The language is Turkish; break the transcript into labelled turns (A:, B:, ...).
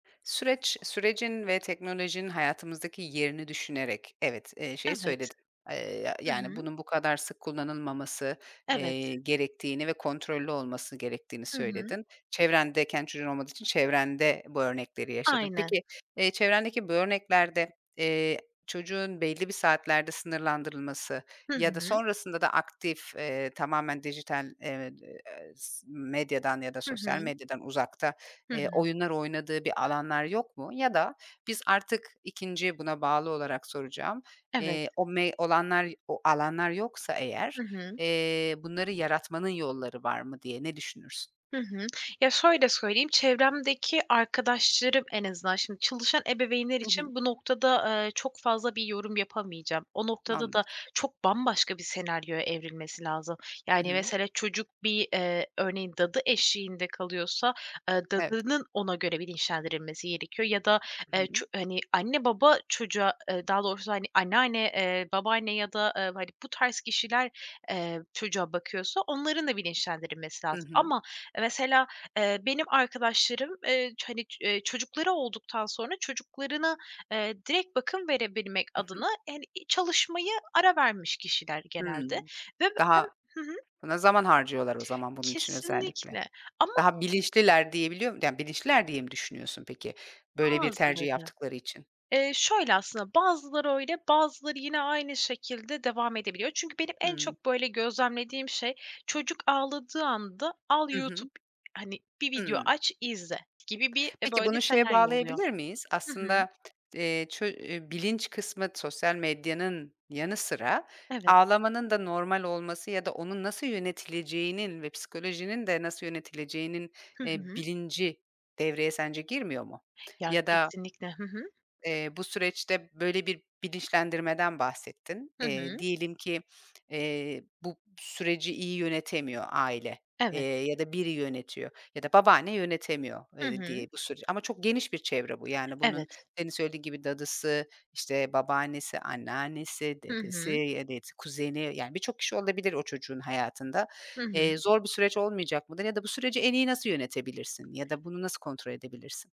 A: Süreç sürecin ve teknolojinin hayatımızdaki yerini düşünerek, evet, eee, şeyi
B: Evet.
A: söyledin. Iıı, ya
B: Hı
A: yani
B: hı.
A: bunun bu kadar sık kullanılmaması,
B: Evet.
A: eee, gerektiğini ve kontrollü olması gerektiğini
B: Hı hı.
A: söyledin. Çevrendeyken çocuğun olmadığı için çevrende bu örnekleri yaşadın.
B: Aynen.
A: Peki, eee, çevrendeki bu örneklerde, eee, çocuğun belli bir saatlerde sınırlandırılması
B: Hı
A: ya da
B: hı.
A: sonrasında da aktif, eee, tamamen dijital, eee, eee, s medyadan ya da
B: Hı
A: sosyal
B: hı.
A: medyadan uzakta,
B: Hı
A: eee,
B: hı.
A: oyunlar oynadığı bir alanlar yok mu ya da biz artık 2.'yi buna bağlı olarak soracağım,
B: Evet.
A: eee, o me olanlar o alanlar yoksa eğer,
B: Hı hı.
A: eee, bunları yaratmanın yolları var mı diye ne düşünürsün?
B: Hı hı. Ya, şöyle söyleyeyim, çevremdeki arkadaşlarım en azından şimdi çalışan ebeveynler
A: Hı hı.
B: için bu noktada, eee, çok fazla bir yorum yapamayacağım. O noktada
A: Anladım.
B: da çok bambaşka bir senaryoya evrilmesi lazım.
A: Hı
B: Yani
A: hı.
B: mesele çocuk bir, eee, örneğin dadı eşliğinde kalıyorsa, eee,
A: Evet.
B: dadının ona göre bilinçlendirilmesi gerekiyor ya da,
A: Hı
B: eee,
A: hı.
B: ço hani anne baba çocuğa, eee, daha doğrusu hani anneanne, eee, babaanne ya da, ııı, hani bu tarz kişiler, eee, çocuğa bakıyorsa onların da bilinçlendirilmesi
A: Hı
B: lazım.
A: hı.
B: Ama e, mesela, eee, benim arkadaşlarım, eee, ç hani, eee, çocukları olduktan sonra çocuklarına, eee, direkt bakım verebilmek
A: Hı hı.
B: adına hani i çalışmaya ara vermiş kişiler genelde
A: Hımm.
B: ve ben
A: Daha
B: Hı hı.
A: Buna zaman harcıyorlar o zaman bunun için özellikle.
B: Kesinlikle ama
A: Daha bilinçliler diyebiliyor mu Yani bilinçliler diye mi düşünüyorsun peki, böyle bir tercih
B: Bazıları.
A: yaptıkları için?
B: Eee, şöyle aslında, bazıları öyle, bazıları yine aynı şekilde devam edebiliyor. Çünkü benim en
A: Hımm.
B: çok böyle gözlemlediğim şey çocuk ağladığı anda al
A: Hı hı.
B: YouTube, hani bir video
A: Hımm.
B: aç, izle gibi bir
A: Peki
B: böyle
A: bunu şeye
B: senaryo oluyor.
A: bağlayabilir miyiz?
B: Hı hı.
A: Aslında, eee, ço e bilinç kısmı sosyal medyanın yanı sıra
B: Evet.
A: ağlamanın da normal olması ya da onun nasıl yönetileceğinin ve psikolojinin de nasıl yönetileceğinin,
B: Hı
A: eee,
B: hı.
A: bilinci devreye sence girmiyor mu?
B: Ya
A: Ya da
B: kesinlikle. Hı hı.
A: eee, bu süreçte böyle bir bilinçlendirmeden bahsettin.
B: Hı
A: Eee,
B: hı.
A: diyelim ki, eee, bu süreci iyi yönetemiyor aile, eee,
B: Evet.
A: ya da biri yönetiyor ya da babaanne yönetemiyor,
B: Hı
A: eee, diye
B: hı.
A: bu süreci. Ama çok geniş bir çevre bu. Yani bunun
B: Evet.
A: senin söylediğin gibi dadısı, işte, babaannesi, anneannesi,
B: Hı
A: dedesi,
B: hı.
A: ya da, evet, kuzeni yani birçok kişi olabilir o çocuğun hayatında.
B: Hı
A: Eee,
B: hı.
A: zor bir süreç olmayacak mıdır ya da bu süreci en iyi nasıl yönetebilirsin ya da bunu nasıl kontrol edebilirsin?